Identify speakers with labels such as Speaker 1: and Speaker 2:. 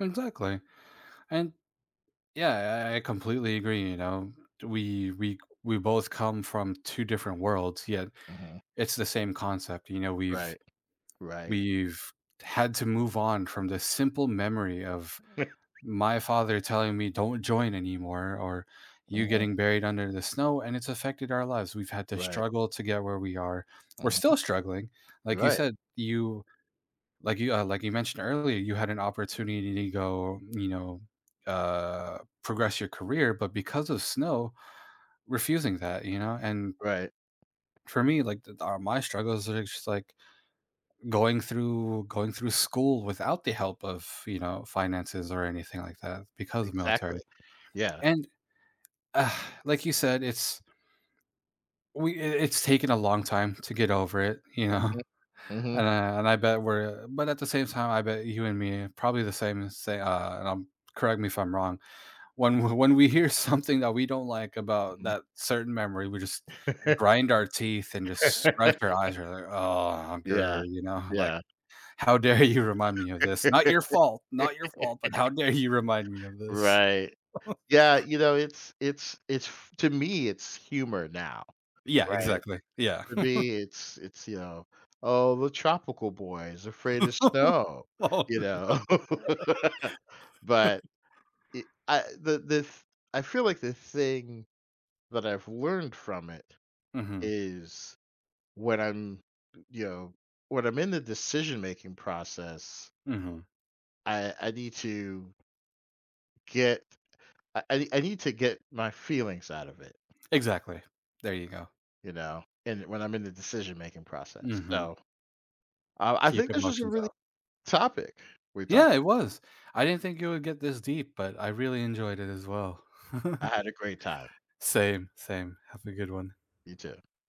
Speaker 1: Exactly, and yeah, I I completely agree, you know, t we've we c we both come from two different worlds, yet,
Speaker 2: Mhm.
Speaker 1: it's the same concept, you know, we've
Speaker 2: Right. Right.
Speaker 1: we've had to move on from this simple memory of my father telling me "Don't join anymore," or you
Speaker 2: Uh-huh.
Speaker 1: getting buried under the snow, and it's affected our lives, we've had to
Speaker 2: Right.
Speaker 1: struggle to get where we are, we're
Speaker 2: Uh-huh.
Speaker 1: still struggling, like
Speaker 2: You're
Speaker 1: you
Speaker 2: right.
Speaker 1: said, you like you, uh like you mentioned earlier, you had an opportunity to go, you know, uh, progress your career, but because of snow refusing that, you know, and
Speaker 2: Right.
Speaker 1: for me, like, the th are my struggles are just like going through going through school without the help of, you know, finances or anything like that because of military,
Speaker 2: Exactly. Yeah.
Speaker 1: and, like you said, it's we i it's taken a long time to get over it, you know?
Speaker 2: Uh-huh. Mhm.
Speaker 1: And I and I bet we're but at the same time, I bet you and me probably the same as say a and I'm correct me if I'm wrong, when w when we hear something that we don't like about that
Speaker 2: Mhm.
Speaker 1: certain memory, we just grind our teeth and just scratch your eyes or there, ah,
Speaker 2: Yeah.
Speaker 1: grrr, you know, like,
Speaker 2: Yeah.
Speaker 1: "How dare you remind me of this? Not your fault. Not your fault, but how dare you remind me of this?"
Speaker 2: Right. Yeah, you know, it's it's it's to me, it's humor, now,
Speaker 1: Yeah.
Speaker 2: right?
Speaker 1: Exactly. Yeah.
Speaker 2: To me it's it's, you know, "Oh, the tropical boy is afraid of snow,"
Speaker 1: Oh, no.
Speaker 2: you know? But, I I the the th I feel like the thing that I've learned from it,
Speaker 1: Mhm.
Speaker 2: is when I'm, you know, when I'm in the decision-making process
Speaker 1: Mhm.
Speaker 2: I I need to get I I nee I need to get my feelings out of it
Speaker 1: Exactly. There you go.
Speaker 2: you know, and when I'm in the decision-making process,
Speaker 1: Mhm.
Speaker 2: so, I w I
Speaker 1: Keep
Speaker 2: think this is a
Speaker 1: emotions
Speaker 2: really
Speaker 1: out.
Speaker 2: topic we
Speaker 1: Yeah,
Speaker 2: talked
Speaker 1: it was. I didn't think you would get this deep, but I really enjoyed it as well.
Speaker 2: I had a great time.
Speaker 1: Same, same. Have a good one.
Speaker 2: You too.